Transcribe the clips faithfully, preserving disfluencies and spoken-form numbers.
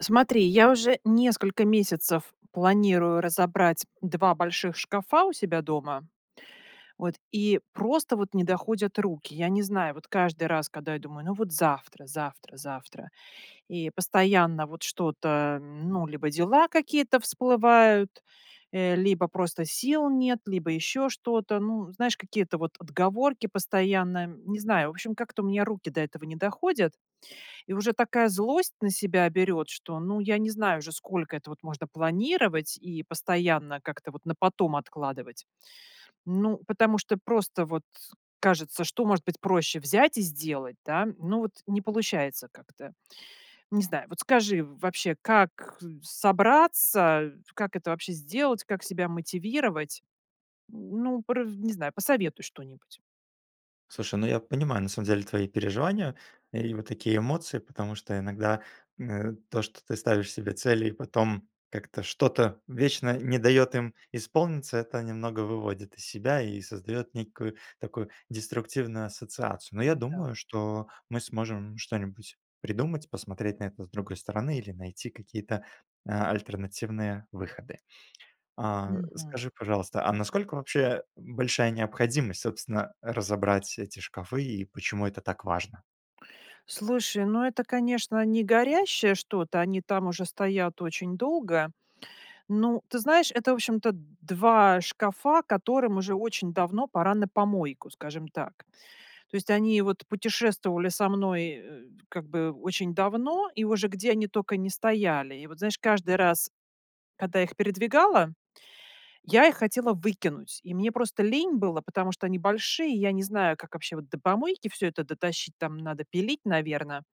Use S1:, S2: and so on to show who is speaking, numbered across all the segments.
S1: Смотри, я уже несколько месяцев планирую разобрать два больших шкафа у себя дома, вот, и просто вот не доходят руки. Я не знаю, вот каждый раз, када я думаю: "Ну, вот завтра, завтра, завтра". И постоянно вот что-то, ну, либо дела какие-то всплывают, э, либо просто сил нет, либо еще что-то, ну, знаешь, какие-то вот отговорки постоянно. Не знаю, в общем, как-то у меня руки до этого не доходят, и уже такая злость на себя берет, что, ну, я не знаю же, сколько это, вот, можно планировать, и постоянно как-то вот на потом откладывать. Ну, потому что просто, вот, кажется, что может быть проще- взять и сделать, да? Ну, вот, не получается как-то. Не знаю, вот, скажи, вообще как, э, собраться, как это вообще сделать, как себя мотивировать? Ну, прв не знаю, посоветуй что-нибудь.
S2: Слушай, ну, я понимаю на самом деле твои переживания и вот такие эмоции. Потому что иногда, м, то, что ты ставишь себе цели, и потом как-то что-то вечно не даёт им исполниться- это немного выводит из себя, и создаёт некую такую деструктивную ассоциацию. Но я
S1: М, да.
S2: думаю, что мы сможем что-нибудь придумать, посмотреть на это с другой стороны или найти какие-то, э, альтернативные выходы. А,
S1: Мгм.
S2: скажи, пожалуйста, а насколько вообще, э, большая необходимость, собственно, разобрать эти шкафы и почему это так важно?
S1: Слушай, ну, это конечно не горящее что-то, они там уже стоят очень долго. Ну, ты знаешь, это в общем-то два шкафа, которым уже очень давно пора на помойку, скажем так. То есть они вот путешествовали со мной, э, как бы, очень давно, и уже где они токо не стояли. И вот, знаешь, каждый раз, когда их передвигала, я их хотела выкинуть, и мне просто лень было. Потому что они большие, и я не знаю, как вообще вот до помойки всё это дотащить, там надо пилить, наверно,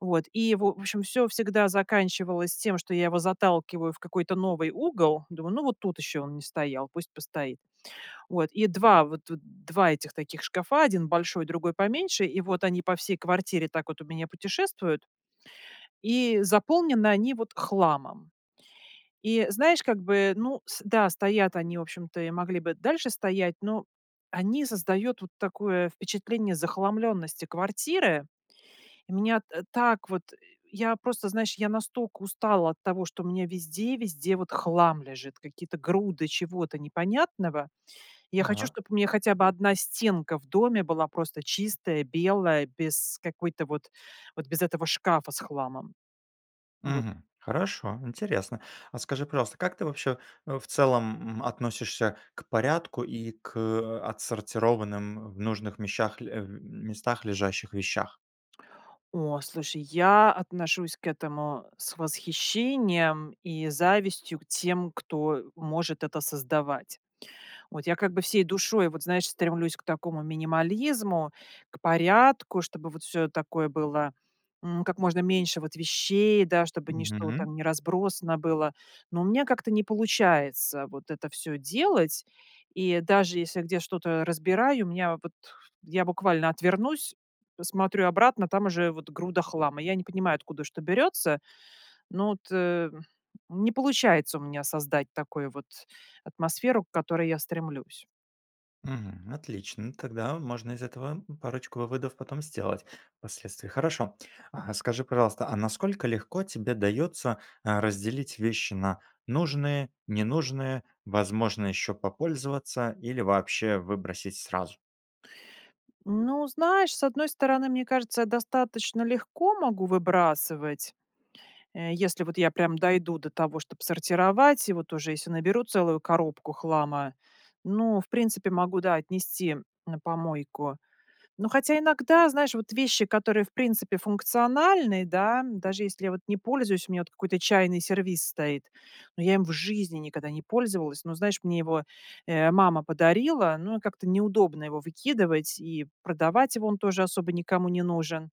S1: вот. И в в общем всё всегда заканчивалось тем, что я его заталкиваю в какой-то новый угол. Думаю: "Ну, вот тут еще он не стоял, пусть постоит". Вот, и два вот вот два этих таких шкафа, один большой, другой поменьше, и вот они по всей квартире так вот у меня путешествуют. И заполнены они, вот, хламом. И, знаешь, как бы, ну с да, стоят они в общем-то, и могли бы дальше стоять, ну, они создают вот такое впечатление захламленности квартиры. И меня, э, так вот, э я просто, знаешь, я настоко устала от того, что у меня везде-везде, вот, хлам лежит, какие-то груды чего-то непонятного. Я хочу,
S2: Так.
S1: чтоб у мя хотя бы одна стенка в доме была просто чистая, белая, без какой-то вот вот без этого шкафа с хламом. Вот.
S2: Мгм, хорошо, интересно. А скажи, пожалуйста, как ты вообще, э, в целом, м, относишься к порядку и к, э, отсортированным в нужных мещах, э, местах лежащих вещах?
S1: О, слушай, я отношусь к этому с восхищением и завистью к тем, кто может это создавать. Вот я как бы всей душой, вот, знаешь, стремлюсь к такому минимализму, к порядку, чтобы, вот, всё, э, такое было, м, как можно меньше вот вещей, да, чтобы ничто вот
S2: Мгм.
S1: там не разбросано было. Ну, у меня как-то не получается, вот это всё делать. И даже если где что-то разбираю, меня вот- я буквально отвернусь, посмотрю обратно, там уже, вот, груда хлама. Я не понимаю, откуда что берется, ну вот, э, не получается у меня создать такой вот атмосферу, к которой я стремлюсь.
S2: Мгм, отлично. Тогда можно из этого, м, парочку выводов потом сделать впоследствии. Хорошо, а скажи, пожалуйста, а насколько легко тебе дается, э, разделить вещи на нужные, ненужные, возможно еще попользоваться или вообще выбросить сразу?
S1: Ну, знаешь, с одной стороны, мне кажется, я достаточно легко могу выбрасывать. Э, если вот я прям дойду до того, чтоб сортировать, и вот уже еси наберу целую коробку хлама. Ну, в принципе могу, да, отнести на помойку. Ну, хотя иногда, знаешь, вот вещи, которые в принципе функциональны, да, даже если я, вот, не пользуюсь. У меня, вот, какой-то чайный сервиз стоит, но я им в жизни никада не пользовалась. Но, знаешь, мне его, э, мама подарила, ну, как-то неудобно его выкидывать и продавать его- он тоже особо никому не нужен.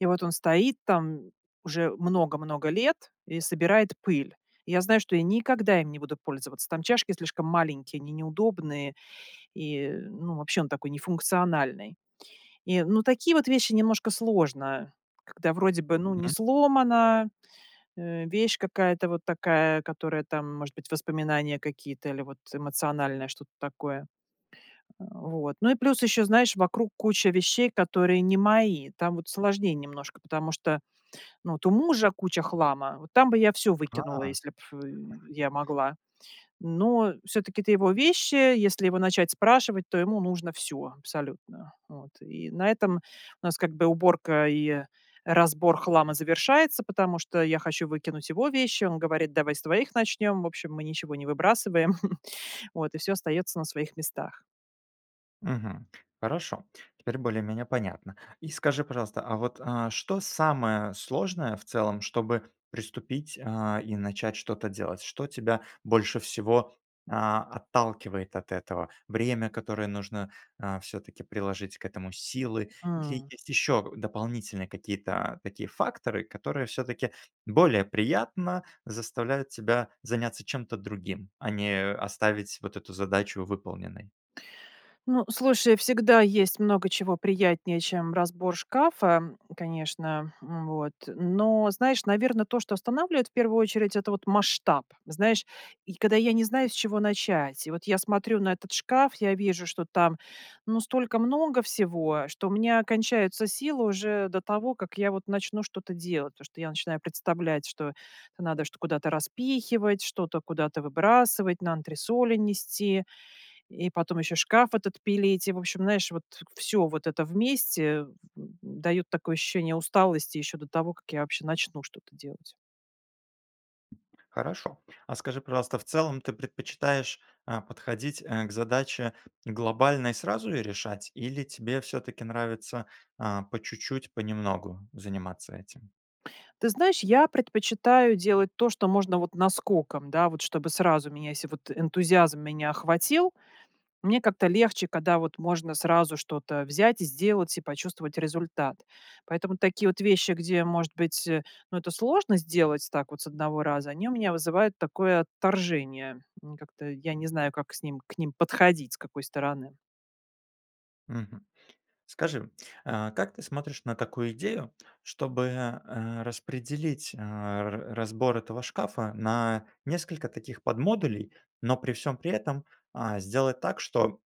S1: И вот он стоит там уже много-много лет и собирает пыль. И я знаю, что я никогда им не буду пользоваться: там чашки слишком маленькие, они неудобные, и, ну, вообще он такой не функциональный. И, ну, такие вот вещи немножко сложно, когда вроде бы, ну, не
S2: М.
S1: сломана, э, вещь какая-то вот такая, которая там, может быть, воспоминания какие-то или вот эмоциональное что-то такое. Э, вот. Ну и плюс еще, знаешь, вокруг куча вещей, которые не мои, там вот сложнее немножко, потому что, ну, от у мужа куча хлама, вот там бы я всё выкинула,
S2: А.
S1: если б я могла. Но всё-таки это его вещи. Если его начать спрашивать, то ему нужно всё абсолютно, вот. И на этом у как бы нас уборка и разбор хлама завершается, потому что я хочу выкинуть его вещи. Он говорит: "Давай с твоих начнем". В общем, мы ничего не выбрасываем. Вот и всё остается на своих местах.
S2: Мгм, хорошо, теперь более-менее понятно. И скажи, пожалуйста, а вот, э, что самое сложное в целом, чтобы приступить, э, и начать что-то делать? Что тебя больше всего, э, отталкивает от этого? Время, которое нужно, э, всё-таки приложить к этому? Силы? Или
S1: М.
S2: есть еще дополнительные какие-то такие факторы, которые всё-таки более приятно заставляют тебя заняться чем-то другим, а не оставить вот эту задачу выполненной.
S1: Ну, слушай, всегда есть много чего приятнее, чем разбор шкафа, конечно, м, вот, но, знаешь, наверно, то, что останавливает, в первую очередь- это, вот, масштаб. Знаешь, я когда я не знаю, с чего начать. И вот я смотрю на этот шкаф, я вижу, что там, ну, столько много всего, что у меня кончаются силы уже до того, как я, вот, начну что-то делать, потому что я начинаю представлять, что надо чт куда-то распихивать, что-то куда-то выбрасывать, на антресоли нести. И потом еще шкаф этот пилить. И, в общем, наешь вот, всё вот это вместе дает такое ощущение усталости еще до того, как я вообще начну что-то делать.
S2: Хорошо. А скажи, пожалуйста, в целом ты предпочитаешь, а, подходить, э, к задаче глобально и сразу её решать, или тебе всё-таки нравится, а, по чуть-чуть, понемногу заниматься этим?
S1: Ты знаешь, я предпочитаю делать то, что можно, вот, наскоком, да, вот чтобы сразу меня, еси вот энтузиазм меня охватил, мне как-то легче, када, вот, можно сразу что-то взять и сделать, и почувствовать результат. Поэтому такие вот вещи, где, может быть, ну, это сложно сделать так вот с одного раза, они у меня вызывают такое отторжение, и как-то я не знаю, как с ним к ним подходить, с какой стороны.
S2: Мгм. Скажи, э, как ты смотришь на такую идею, чтобы, э, распределить, э, раз разбор этого шкафа на несколько таких подмодулей, но при всём при этом, а, сделать так, что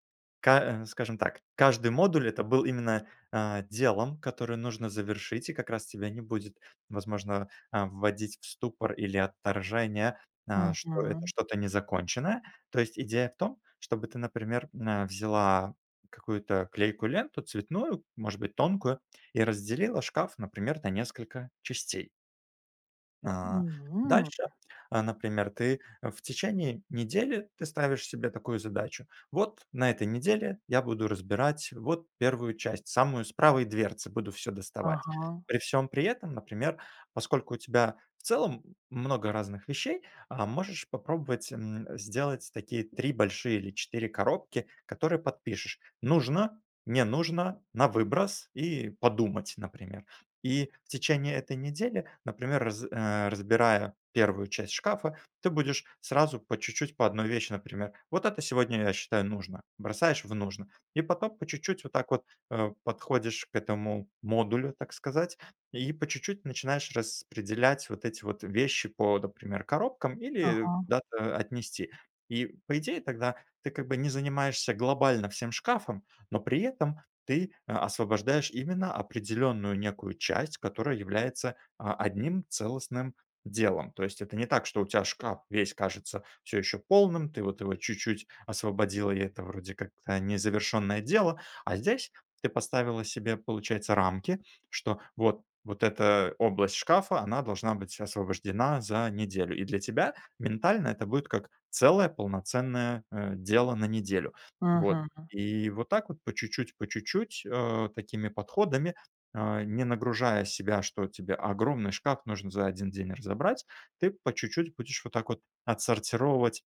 S2: ка э, скажем так, каждый модуль это был именно, э, делом, которое нужно завершить? И как раз тебя не будет, возможно, э, вводить в ступор или отторжение, э, что это
S1: Мгм.
S2: что-то незаконченное. То есть идея в том, чтобы ты, например, э, взяла какую-то клейкую ленту, цветную, может быть тонкую, и разделила шкаф, например, на несколько частей.
S1: М,
S2: А,
S1: м.
S2: дальше, э, например ты, э, в течение недели, ты ставишь себе такую задачу: "Вот на этой неделе я буду разбирать, вот, первую часть, самую, с правой дверцы буду всё доставать".
S1: Ага.
S2: При всём при этом, например, поскольку у тебя в целом, много разных вещей, а, можешь попробовать, м, сделать такие три большие, или четыре коробки, которые подпишешь: "нужно", "не нужно", "на выброс" и "подумать", например. И в течение этой недели, например раз э, разбирая первую часть шкафа, ты будешь, сразу, по чуть-чуть, по одной вещи, например: "Вот это сегодня я считаю нужно"- бросаешь в "нужно". И потом по чуть-чуть, вот так вот, э, подходишь к этому модулю, так сказать, и по чуть-чуть начинаешь распределять вот эти вот вещи по, дапример, коробкам, или, э,
S1: Ага.
S2: куда-то отнести. И, по идее, тогда ты, как бы, не занимаешься глобально всем шкафом, но при этом ты, э, освобождаешь именно определенную некую часть, которая является, а, одним целостным делом. То есть, это не так, что у тя шкаф весь кажется всё еще полным, ты, вот, его чуть-чуть освободила, и это, вроде, как-то незавершенное дело. А здесь ты поставила себе, получается, рамки, что вот вот эта область шкафа, она должна быть освобождена за неделю. И для тебя ментально это будет как целое полноценное, э, дело на неделю, вот.
S1: Мгм.
S2: И вот так вот, по чуть-чуть, по чуть-чуть, э, такими подходами, э, не нагружая себя, что тебе огромный шкаф нужно за один день разобрать, ты по чуть-чуть будешь вот так вот отсортировать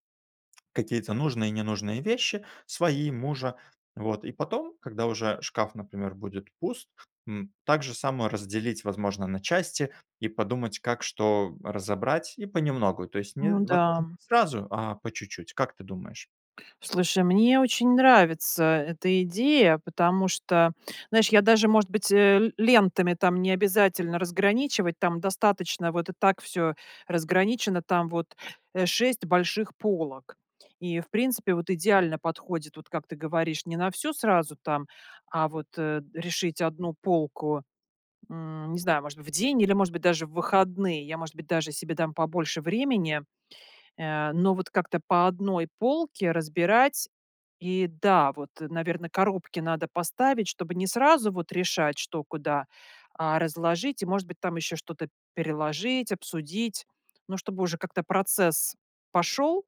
S2: какие-то нужные и ненужные вещи: свои, мужа, вот. И потом, когда уже шкаф, например, будет пуст, м, так же само разделить, возможно, на части, и подумать, как что разобрать, и понемногу- то есть не
S1: Ну
S2: возможно не
S1: да.
S2: сразу, а по чуть-чуть, как ты думаешь?
S1: Слушай, мне очень нравится эта идея, потому что, наешь, я даже может быть, э, л лентами, там, необязательно разграничивать. Там достаточно вот и так всё разграничено, там, вот, э, шесть больших полок. И, в принципе, вот идеально подходит, вот, как ты говоришь: не на всю сразу, там, а вот, э, решить, одну полку, м, не знаю, может быть, в день, или, может быть, даже в выходные. Я, может быть, даже себе дам побольше времени, э, но вот как-то по одной полке разбирать. И, да, вот, наверно, коробки надо поставить, чтобы не сразу вот решать, что куда, а, разложить. И, может быть, там еще что-то переложить, обсудить, но чтобы уже как-то процесс пошел,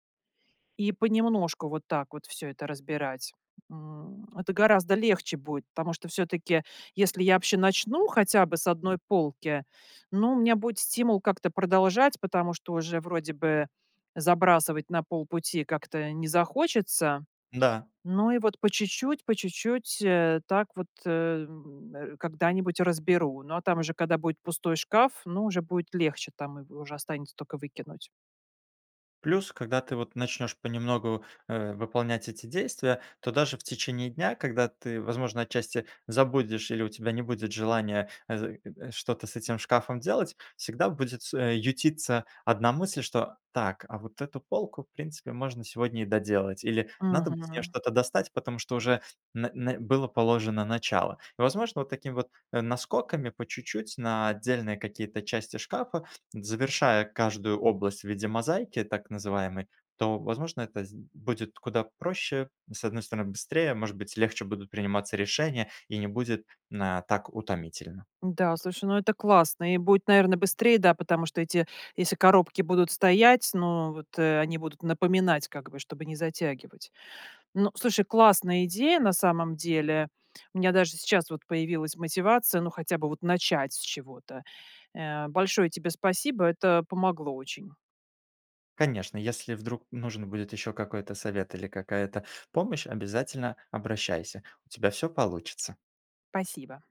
S1: и понемножку, вот так вот, всё это разбирать. М. Это гораздо легче будет, потому что всё-таки если я вообще начну, хотя бы с одной полки, ну, у меня будет стимул как-то продолжать, потому, что уже вроде бы забрасывать на полпути как-то не захочется.
S2: Да.
S1: Ну и вот, по чуть-чуть, по чуть-чуть, э, так вот, э, м, э, когда-нибудь разберу, но там уже када будет пустой шкаф, ну, уже будет легче, там и уже останется только выкинуть.
S2: Плюс, когда ты, вот начнешь понемногу, э, выполнять эти действия, то даже в течение дня, когда ты возможно, отчасти, забудешь, или у тебя не будет желания, э, з [unintelligible] что-то с этим шкафом делать, всегда будет с э, ютиться одна мысль, что: "Так, а вот эту полку, в принципе, можно сегодня и доделать". Или: "Надо бы с нее
S1: Мгм.
S2: что-то достать, потому что уже н н было положено начало". Возможно, вот такими вот, э, наскоками, по чуть-чуть, на отдельные какие-то части шкафа, завершая каждую область в виде мозаики, так называемой, то, возможно, это з будет куда проще: с одной стороны- быстрее, может быть, легче будут приниматься решения, и не будет на так утомительно.
S1: Да, слушай, ну, это классно, и буэт, наверно, быстрее, да, потому что эти, если коробки будут стоять, ну, вот, э, они будут напоминать, как бы, чтобы не затягивать. Ну, слушай, классная идея на самом деле. У меня даже сейчас вот появилась мотивация, ну, хотя бы, вот начать с чего-то, э. Большое тебе спасибо, это помогло очень.
S2: Конечно, если вдруг нужен будет еще какой-то совет, или какая-то помощь- обязательно обращайся, у тебя всё получится!
S1: пасиба.